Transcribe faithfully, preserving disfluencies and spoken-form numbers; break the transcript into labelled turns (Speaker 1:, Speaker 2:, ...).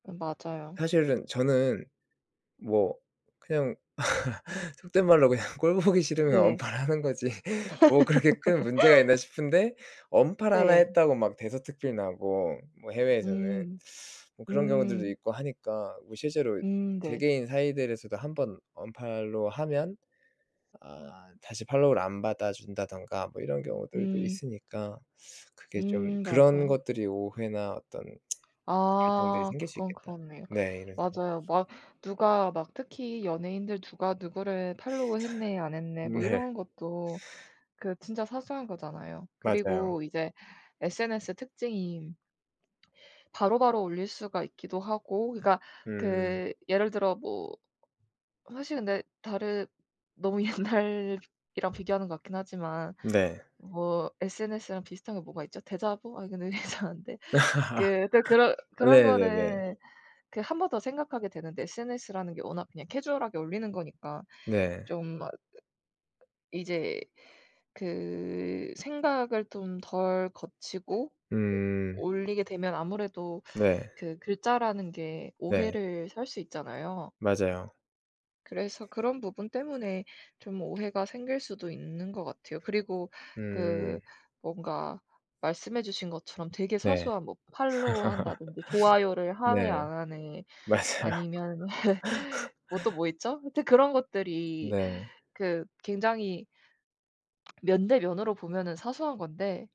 Speaker 1: 음, 맞아요.
Speaker 2: 사실은 저는 뭐 그냥 속된 말로 그냥 꼴 보기 싫으면
Speaker 1: 네.
Speaker 2: 언팔을 하는 거지. 뭐 그렇게 큰 문제가 있나 싶은데 언팔 하나
Speaker 1: 네.
Speaker 2: 했다고 막 대서특필 나고 뭐 해외에서는
Speaker 1: 음.
Speaker 2: 뭐 그런 경우들도
Speaker 1: 음.
Speaker 2: 있고 하니까 뭐 실제로
Speaker 1: 음. 네.
Speaker 2: 개개인 사이들에서도 한 번 언팔로우 하면 아 다시 팔로우를 안 받아 준다든가 뭐 이런 경우들도
Speaker 1: 음.
Speaker 2: 있으니까 그게 좀
Speaker 1: 음.
Speaker 2: 그런
Speaker 1: 맞아요.
Speaker 2: 것들이 오해나 어떤 갈등들이
Speaker 1: 아.
Speaker 2: 생길 수
Speaker 1: 그건
Speaker 2: 있겠다.
Speaker 1: 그렇네요.
Speaker 2: 네. 이런 생각
Speaker 1: 맞아요. 막 누가 막 특히 연예인들 "누가 누구를 팔로우 했네 안 했네." 뭐
Speaker 2: 네.
Speaker 1: 이런 것도 그 진짜 사소한 거잖아요.
Speaker 2: 맞아요.
Speaker 1: 그리고 이제 SNS 특징이 바로바로 올릴 수가 있기도 하고 그러니까
Speaker 2: 음.
Speaker 1: 그 예를 들어 뭐 사실 근데 다른 너무 옛날이랑 비교하는 것 같긴 하지만
Speaker 2: 네.
Speaker 1: 뭐 SNS랑 비슷한 게 뭐가 있죠? 대자보? 아니, 근데 이거 이상한데. 그 그러니까 그런 그런
Speaker 2: 네네네.
Speaker 1: 거는 그 한 번 더 생각하게 되는데 SNS라는 게 워낙 그냥 캐주얼하게 올리는 거니까
Speaker 2: 네.
Speaker 1: 좀 어 이제 그 생각을 좀 덜 거치고
Speaker 2: 음.
Speaker 1: 올리게 되면 아무래도
Speaker 2: 네.
Speaker 1: 그 글자라는 게
Speaker 2: 네.
Speaker 1: 오해를 살 수 있잖아요.
Speaker 2: 맞아요.
Speaker 1: 그래서 그런 부분 때문에 좀 오해가 생길 수도 있는 거 같아요. 그리고
Speaker 2: 음.
Speaker 1: 그 뭔가 말씀해 주신 것처럼 되게
Speaker 2: 네.
Speaker 1: 사소한 뭐 팔로우 한다든지 좋아요를 하네
Speaker 2: 네.
Speaker 1: 안 하네
Speaker 2: 맞아요.
Speaker 1: 아니면은 뭐 또 뭐 있죠? 하여튼 그런 것들이
Speaker 2: 네.
Speaker 1: 그 굉장히 면 대 면으로 보면은 사소한 건데